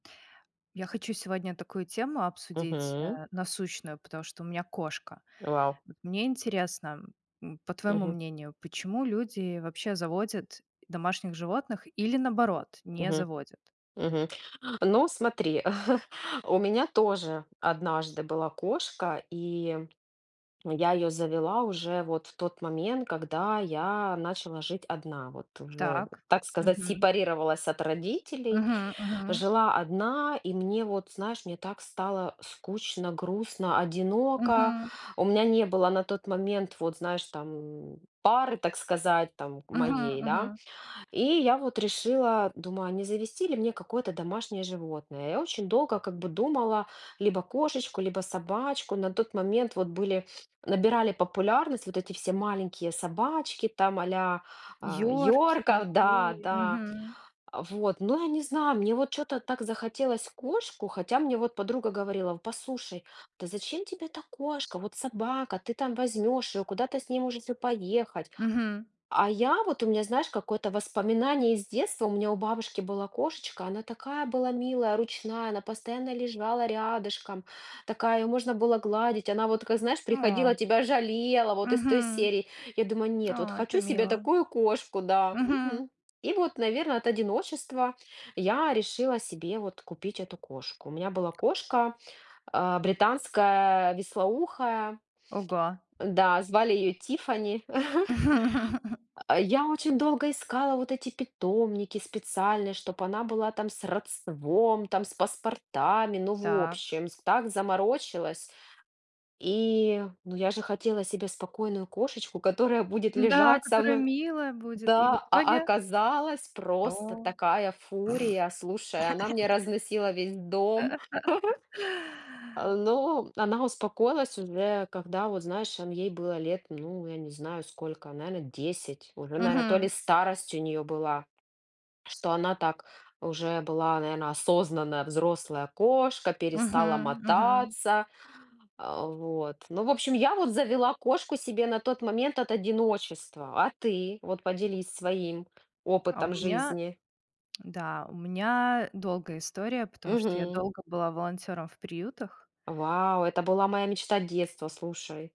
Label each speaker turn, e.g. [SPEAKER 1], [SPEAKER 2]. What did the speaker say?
[SPEAKER 1] Я хочу сегодня такую тему обсудить,
[SPEAKER 2] Мгм.
[SPEAKER 1] э, насущную, потому что у меня кошка.
[SPEAKER 2] Вау.
[SPEAKER 1] Вот, мне интересно, м, по твоему
[SPEAKER 2] Мгм.
[SPEAKER 1] мнению, почему люди вообще заводят домашних животных или, наоборот, не
[SPEAKER 2] Мгм
[SPEAKER 1] заводят?
[SPEAKER 2] мгм. А, но смотри, у меня тоже однажды была кошка, и я её завела уже вот в тот момент, когда я начала жить одна, вот. Вот уже,
[SPEAKER 1] Так.
[SPEAKER 2] так сказать,
[SPEAKER 1] Мгм.
[SPEAKER 2] сепарировалась от родителей,
[SPEAKER 1] Мгм мгм.
[SPEAKER 2] жила одна, и мне, вот знаешь, мне так стало скучно, грустно, одиноко.
[SPEAKER 1] Мгм.
[SPEAKER 2] У меня не было на тот момент, вот, знаешь, там, пары, так сказать, там,
[SPEAKER 1] Мгм
[SPEAKER 2] моей, да.
[SPEAKER 1] мгм.
[SPEAKER 2] И я вот решила, думаю: "А не завести ли мне какое-то домашнее животное?" Я очень долго как бы думала: либо кошечку, либо собачку. На тот момент вот были набирали популярность вот эти все маленькие собачки, там, а-ля, а,
[SPEAKER 1] Йорки,
[SPEAKER 2] йорков Да,
[SPEAKER 1] тои.
[SPEAKER 2] да.
[SPEAKER 1] Мгм.
[SPEAKER 2] Вот, но я не знаю, мне вот чё-то так захотелось кошку, хотя мне вот подруга говорила: "Послушай, да зачем тебе та кошка? Вот собака ты там возьмёшь её, куда-то с ней можете поехать".
[SPEAKER 1] Мгм.
[SPEAKER 2] А я вот у меня, знаешь, какое-то воспоминание из детства: у меня у бабушки была кошечка, она такая была милая, ручная, она постоянно лежала рядышком, такая, её можно было гладить, она вот такая знаешь, приходила,
[SPEAKER 1] О.
[SPEAKER 2] тебя жалела, вот из той
[SPEAKER 1] Мгм.
[SPEAKER 2] серии. Я думаю: "Нет, вот
[SPEAKER 1] О, это
[SPEAKER 2] хочу себе
[SPEAKER 1] мило.
[SPEAKER 2] такую кошку", да,
[SPEAKER 1] Мгм.
[SPEAKER 2] мгм. И вот, наверное, от одиночества я решила себе вот купить эту кошку. У меня была кошка, а, британская вислоухая.
[SPEAKER 1] Ого!
[SPEAKER 2] Да, звали её Тиффани. А, я очень долго искала вот эти питомники специальные, чтобы она была там с родством, там с паспортами. Ну в
[SPEAKER 1] Так.
[SPEAKER 2] общем, с так заморочилась. И, ну, я же хотела себе спокойную кошечку, которая будет
[SPEAKER 1] Н-да,
[SPEAKER 2] лежать со
[SPEAKER 1] которая
[SPEAKER 2] мной
[SPEAKER 1] милая будет и в
[SPEAKER 2] Да, а
[SPEAKER 1] итоге?
[SPEAKER 2] оказалось- просто
[SPEAKER 1] О!
[SPEAKER 2] такая фурия. Слушай, она мне разносила весь дом. Э, ну, она успокоилась уже, когда вот, знаешь он ей было лет, ну, я не знаю сколько, наверно 10. Уже, наверно, то ли
[SPEAKER 1] Мгм.
[SPEAKER 2] старость у неё была, что она так уже, была, наверно, осознанная взрослая кошка, перестала
[SPEAKER 1] Мгм мгм.
[SPEAKER 2] мотаться. А вот, ну в общем, я вот завела кошку себе на тот момент от одиночества. А ты вот поделись своим
[SPEAKER 1] А у
[SPEAKER 2] опытом
[SPEAKER 1] меня,
[SPEAKER 2] жизни.
[SPEAKER 1] да, у меня долгая история, потому что я
[SPEAKER 2] Мгм.
[SPEAKER 1] долго была волонтёром в приютах.
[SPEAKER 2] Вау, это была моя мечта детства, слушай.